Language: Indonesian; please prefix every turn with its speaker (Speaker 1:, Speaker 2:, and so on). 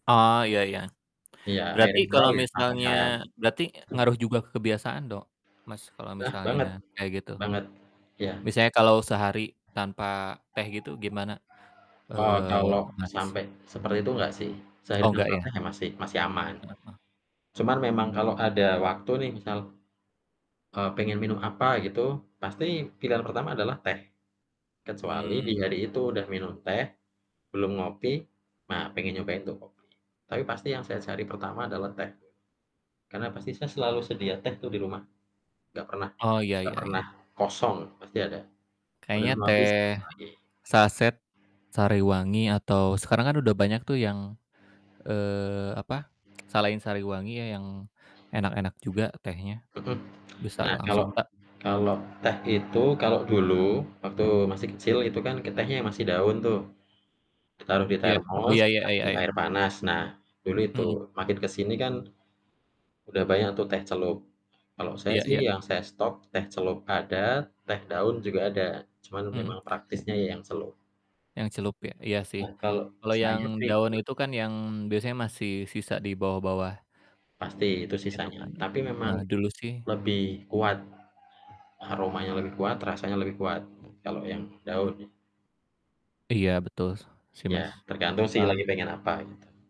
Speaker 1: Oh iya iya.
Speaker 2: Iya, air
Speaker 1: Berarti kalo
Speaker 2: mineral ya
Speaker 1: misalnya
Speaker 2: tambahan.
Speaker 1: berarti ngaruh juga ke kebiasaan dong Mas, kalo
Speaker 2: Nah
Speaker 1: misalnya
Speaker 2: banget,
Speaker 1: kaya gitu?
Speaker 2: banget, iya.
Speaker 1: Misalnya kalo sehari tanpa teh gitu gimana,
Speaker 2: Eee,
Speaker 1: eee,
Speaker 2: kalo
Speaker 1: Mas?
Speaker 2: sampe seperti itu nggak sih, sehari
Speaker 1: Oh, enggak
Speaker 2: tanpa
Speaker 1: ya?
Speaker 2: teh ya masih masih aman.
Speaker 1: Heeh, eh.
Speaker 2: Cuman memang kalo ada waktu nih misal, eee, pengen minum apa gitu pasti pilihan pertama adalah teh. Kecuali di
Speaker 1: Mhm.
Speaker 2: hari itu udah minum teh belum ngopi, nah pengen nyobain tuh kopi. Tapi pasti yang saya cari pertama adalah teh. [unintelligible] Karena pasti saya selalu sedia teh tuh di rumah, nggak pernah
Speaker 1: Oh, iya
Speaker 2: nggak
Speaker 1: iya iya.
Speaker 2: pernah kosong pasti ada, udah
Speaker 1: Kayaknya
Speaker 2: mau
Speaker 1: teh
Speaker 2: habis tambah lagi.
Speaker 1: saset Sariwangi atau sekarang kan udah banyak tuh yang, eee, apa, salahin Sariwangi ya yang enak-enak juga tehnya
Speaker 2: Mhm.
Speaker 1: bisa
Speaker 2: Nah, kalo
Speaker 1: langsung eh.
Speaker 2: kalo teh itu kalo dulu waktu masih kecil, itu kan ke tehnya ya masih daun tuh ditaruh di
Speaker 1: Iya, oh
Speaker 2: termos
Speaker 1: iya iya iya
Speaker 2: dikasih
Speaker 1: iya.
Speaker 2: air panas. Nah, dulu itu
Speaker 1: Mhm.
Speaker 2: makin ke sini kan, udah banyak tuh teh celup. Kalo saya
Speaker 1: Iya
Speaker 2: sih
Speaker 1: iya.
Speaker 2: yang saya stok, teh celup ada, teh daun juga ada, cuman
Speaker 1: Mhm.
Speaker 2: memang praktisnya ya yang celup.
Speaker 1: Yang celup ya? Iya sih.
Speaker 2: Nah, kalau
Speaker 1: Kalau yang
Speaker 2: saya
Speaker 1: daun
Speaker 2: pikir
Speaker 1: itu kan yang biasanya masih sisa di bawah-bawah
Speaker 2: Pasti itu
Speaker 1: Itu
Speaker 2: sisanya,
Speaker 1: kan
Speaker 2: tapi memang
Speaker 1: heeh, dulu sih
Speaker 2: lebih kuat aromanya lebih kuat rasanya lebih kuat, kalo yang daun.
Speaker 1: Iya betul si
Speaker 2: Iya,
Speaker 1: Mas,
Speaker 2: tergantung sih lagi
Speaker 1: heeh.
Speaker 2: pengen apa gitu.